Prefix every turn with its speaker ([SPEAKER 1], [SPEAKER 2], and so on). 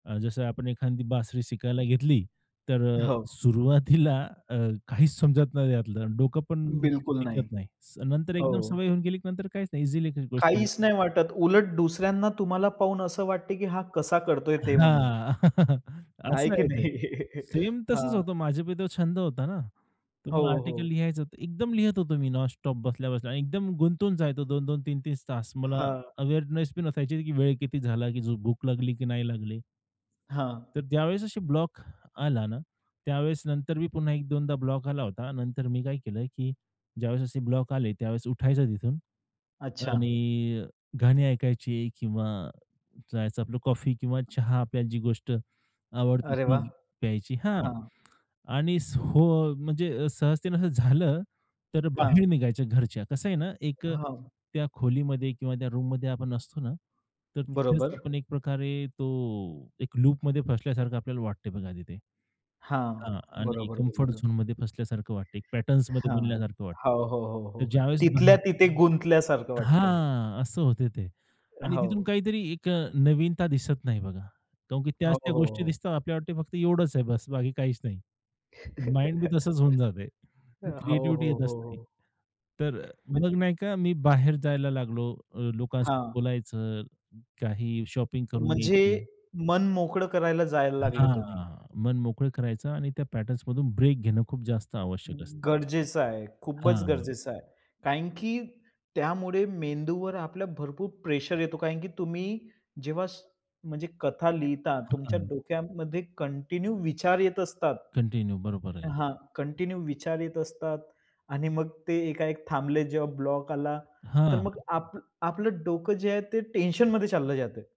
[SPEAKER 1] अ, जसं आपण एखादी बासरी शिकायला घेतली, तर अ,
[SPEAKER 2] हो.
[SPEAKER 1] सुरुवातीला अ, काहीच समजत नाही त्यातलं, अन् डोकं पण
[SPEAKER 2] बिलकुल नाही.
[SPEAKER 1] टिकत नाही. स नंतर एकदम
[SPEAKER 2] हो.
[SPEAKER 1] सवय होऊन गेली, की नंतर काहीच नाही ईझीली ती गोष्ट
[SPEAKER 2] काहीच नाही वाटत. उलट दुसऱ्यांना तुम्हाला पाहून असं वाटते की हा कसा
[SPEAKER 1] हां.
[SPEAKER 2] करतोय, ते म्हणून. आहे
[SPEAKER 1] असं
[SPEAKER 2] की
[SPEAKER 1] आहे ते.
[SPEAKER 2] नाही?
[SPEAKER 1] सेम तसच
[SPEAKER 2] हां.
[SPEAKER 1] होतं, माझ्या बी तो छंद होता ना. तर
[SPEAKER 2] हो,
[SPEAKER 1] मग आर्टिकल
[SPEAKER 2] हो.
[SPEAKER 1] लिहायचं होतं. एकदम लिहत होतो मी नॉनस्टॉप बसल्या-बसल्या आणि एकदम गुंतवून जायचो 2-2, 3-3 तास. मला
[SPEAKER 2] हां.
[SPEAKER 1] अवेअरनेस बी नसायची की वेळ किती झाला की झ भूक लागली की नाही लागली.
[SPEAKER 2] हां.
[SPEAKER 1] तर ज्यावेळेस अशी ब्लॉक आला ना, त्यावेळेस नंतर मी पुन्हा एक दोनदा ब्लॉक आला होता. नंतर मी काय केलं की, ज्यावेळेस असे ब्लॉक आले, त्यावेळेस उठायचं तिथून
[SPEAKER 2] अच्छा.
[SPEAKER 1] आणि अ, गाणी ऐकायची किंवा जायचं आपलं कॉफी किंवा चहा आपल्याला जी गोष्ट आवडते
[SPEAKER 2] अरे, वाह!
[SPEAKER 1] ती प्यायची हां,
[SPEAKER 2] हां.
[SPEAKER 1] आणि हो, म्हणजे सहजतेने असं झालं, तर बाहेर
[SPEAKER 2] हां.
[SPEAKER 1] निघायच्या घरच्या. कसं आहे ना, एक अ,
[SPEAKER 2] हां.
[SPEAKER 1] त्या खोलीमध्ये किंवा त्या रूममध्ये आपण असतो ना, तर तिथेच
[SPEAKER 2] बरोबर.
[SPEAKER 1] आपण एक प्रकारे तो एक लूपमध्ये फसल्यासारखं आपल्याला वाटतंय बघा तिथे.
[SPEAKER 2] हां,
[SPEAKER 1] हां आणि
[SPEAKER 2] बरोबर
[SPEAKER 1] कम्फर्ट
[SPEAKER 2] बोललेलो.
[SPEAKER 1] झोनमध्ये फसल्यासारखं वाटतंय, एक पॅटर्न्समध्ये
[SPEAKER 2] हां.
[SPEAKER 1] बनल्यासारखं वाटतंय.
[SPEAKER 2] हो, हो, हो, हो.
[SPEAKER 1] तर ज्यावेळेस बन
[SPEAKER 2] तिथल्या तिथे गुंतल्यासारखं वाटतंय.
[SPEAKER 1] हां, असं होत ते.
[SPEAKER 2] अ,
[SPEAKER 1] आणि तिथून
[SPEAKER 2] हो.
[SPEAKER 1] काहीतरी एक अ, नवीनता दिसत नाही बघा. कारण की त्याच
[SPEAKER 2] हो,
[SPEAKER 1] त्या
[SPEAKER 2] हो,
[SPEAKER 1] गोष्टी
[SPEAKER 2] हो.
[SPEAKER 1] दिसतात. आपल्याला वाटते फक्त एवढंच आहे बस्स, बाकी काहीच नाही. माइंड बी तसचं होऊन जातंय,
[SPEAKER 2] अ, हो,
[SPEAKER 1] क्रिएटिव्हिटी
[SPEAKER 2] हो, हो,
[SPEAKER 1] येतच नाही.
[SPEAKER 2] हो.
[SPEAKER 1] तर अ, मग,
[SPEAKER 2] म्हणजे
[SPEAKER 1] नाही का, मी बाहेर जायला लागलो अ, लोकांसोबत
[SPEAKER 2] हां.
[SPEAKER 1] बोलायचं. काही शॉपिंग करून
[SPEAKER 2] म्हणजे
[SPEAKER 1] यायची.
[SPEAKER 2] मन मोकळं करायला जायला लागले तुम्ही.
[SPEAKER 1] हां. मन मोकळं करायचं आणि त्या पॅटर्न्समधून ब्रेक घेणं खूप जास्त आवश्यक असते.
[SPEAKER 2] गरजेचं आहे. खूपच
[SPEAKER 1] हां.
[SPEAKER 2] गरजेचं आहे. कारण की त्यामुळे मेंदूवर आपल्या भरपूर प्रेशर येतो. कारण की तुम्ही जेव्हा स म्हणजे कथा लिहिता
[SPEAKER 1] अ,
[SPEAKER 2] तुमच्या
[SPEAKER 1] हां.
[SPEAKER 2] डोक्यामध्ये कंटिन्यू विचार येत असतात.
[SPEAKER 1] कंटिन्यू, बरोबर आहे.
[SPEAKER 2] हां, कंटिन्यू विचार येत असतात आणि मग ते एकाएक थांबले जेव्हा ब्लॉक आला, तर मग
[SPEAKER 1] हां.
[SPEAKER 2] आप आपलं डोकं जे आहे ते टेन्शनमध्ये चाललं जातंय.